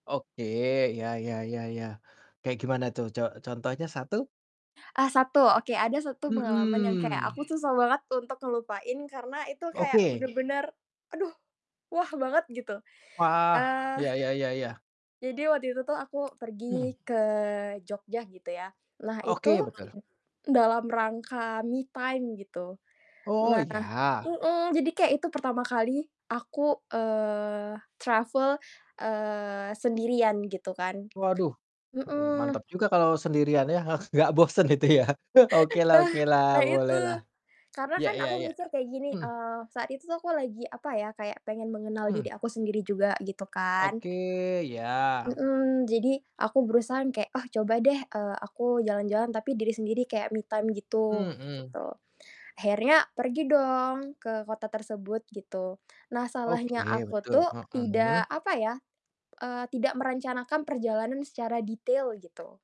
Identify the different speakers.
Speaker 1: Oke, ya ya ya ya, kayak gimana tuh co contohnya 1?
Speaker 2: Ah 1, oke, ada 1 pengalaman yang kayak
Speaker 1: Mhm.
Speaker 2: aku susah banget untuk ngelupain karena itu kayak
Speaker 1: Oke.
Speaker 2: bener-bener, aduh wah banget gitu.
Speaker 1: Wah,
Speaker 2: Eee,
Speaker 1: iya iya iya iya.
Speaker 2: jadi waktu itu tuh aku
Speaker 1: Mhm.
Speaker 2: pergi ke Jogja gitu ya. Nah itu
Speaker 1: Oke, betul.
Speaker 2: dalam rangka me time gitu,
Speaker 1: Oh
Speaker 2: nah
Speaker 1: iya.
Speaker 2: mhm, jadi kayak itu pertama kali aku, eee, travel, eee, sendirian gitu kan.
Speaker 1: Waduh, hmm, mantep
Speaker 2: Mhm.
Speaker 1: juga kalau sendirian ya huh, gak bosen itu ya. Okelah
Speaker 2: Bah
Speaker 1: okelah,
Speaker 2: nah itu,
Speaker 1: bolehlah.
Speaker 2: karena
Speaker 1: Iya
Speaker 2: kan
Speaker 1: iya
Speaker 2: aku
Speaker 1: iya,
Speaker 2: mikir kayak gini,
Speaker 1: mhm.
Speaker 2: eee, saat itu tuh aku lagi apa ya, kayak pengen mengenal
Speaker 1: Mmm.
Speaker 2: diri aku sendiri juga gitu kan.
Speaker 1: Oke, iya.
Speaker 2: Mhm, jadi aku berusaha yang kayak, "Ah coba deh, eee, aku jalan-jalan tapi diri sendiri kayak me time gitu."
Speaker 1: Mhm.
Speaker 2: Gitu. Akhirnya pergi dong ke kota tersebut gitu. Nah salahnya
Speaker 1: Oke,
Speaker 2: aku
Speaker 1: betul.
Speaker 2: tuh
Speaker 1: Mhm.
Speaker 2: tidak apa ya, eee, tidak merencanakan perjalanan secara detail gitu.